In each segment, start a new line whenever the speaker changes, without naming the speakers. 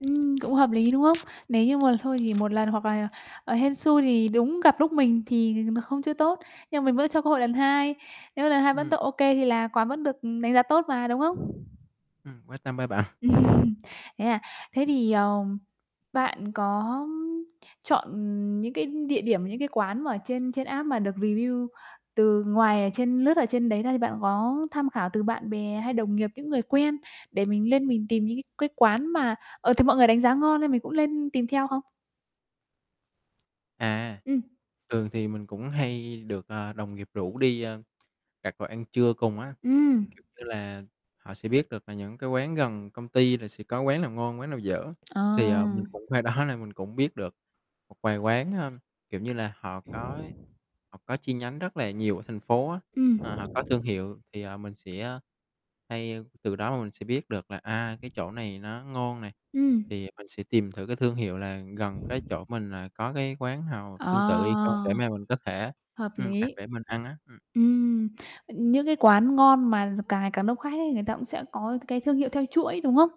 Ừm, cũng hợp lý, đúng không? Nếu như mà thôi thì một lần hoặc là, ờ, hên xui thì đúng gặp lúc mình thì, ờ, không chưa tốt, nhưng mình vẫn cho cơ hội lần hai. Nếu lần hai vẫn t
Ừm.
OK thì là quán vẫn được, ừm, đánh giá tốt mà, đúng hông?
Ừm, quan tâm ha bạn?
Thế à? Thế thì, ờ, bạn có chọn những cái địa điểm, những cái quán mà trên trên app mà được review từ ngoài ở trên lướt ở trên đấy ra, thì bạn có tham khảo từ bạn bè, hay đồng nghiệp, những người quen, để mình lên mình tìm những cái cái quán mà, ờ, thì mọi người đánh giá ngon nên mình cũng lên tìm theo không?
À,
Ừm.
thường thì mình cũng hay được, à, đồng nghiệp rủ đi, à, đặt đồ ăn trưa cùng á,
Ừm.
kiểu như là, họ sẽ biết được là những cái quán gần công ty là sẽ có quán nào ngon, quán nào dở. Thì, ờ, mình
À.
cũng qua đó nên mình cũng biết được một vài quán, ơ, kiểu như là, họ có ấy họ có chi nhánh rất là nhiều ở thành phố á,
Ừm.
ờ, họ có thương hiệu. Thì, ờ, mình sẽ hay từ đó mà mình sẽ biết được là, à, cái chỗ này nó ngon này,
Ừm.
thì mình sẽ tìm thử cái thương hiệu là gần cái chỗ mình là có cái quán nào
Ờ,
tương tự hay không để mà mình có thể,
hợp
ừm, đặt
lý.
để mình ăn á. Ừm.
Ừm, ưm, những cái quán ngon mà càng ngày càng đông khách ấy người ta cũng sẽ có cái thương hiệu theo chuỗi, đúng hông?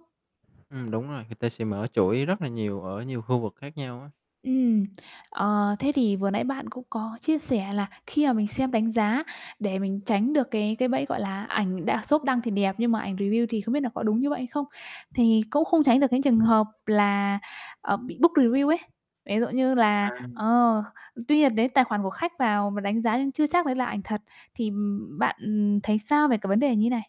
Ừm, đúng rồi, người ta sẽ mở chuỗi rất là nhiều ở nhiều khu vực khác nhau á.
Ừm, ờ, thế thì vừa nãy bạn cũng có chia sẻ là khi mà mình xem đánh giá để mình tránh được cái cái bẫy, gọi là, ảnh đa shop đăng thì đẹp, nhưng mà ảnh review thì không biết là có đúng như vậy hay không. Thì cũng không tránh được những trường hợp là, ờ, bị book review ấy. Ví dụ như là
À.
ờ, tuy nhiên đến tài khoản của khách vào và đánh giá nhưng chưa chắc đấy là ảnh thật thì, ừm, bạn, ừm, thấy sao về cái vấn đề như này?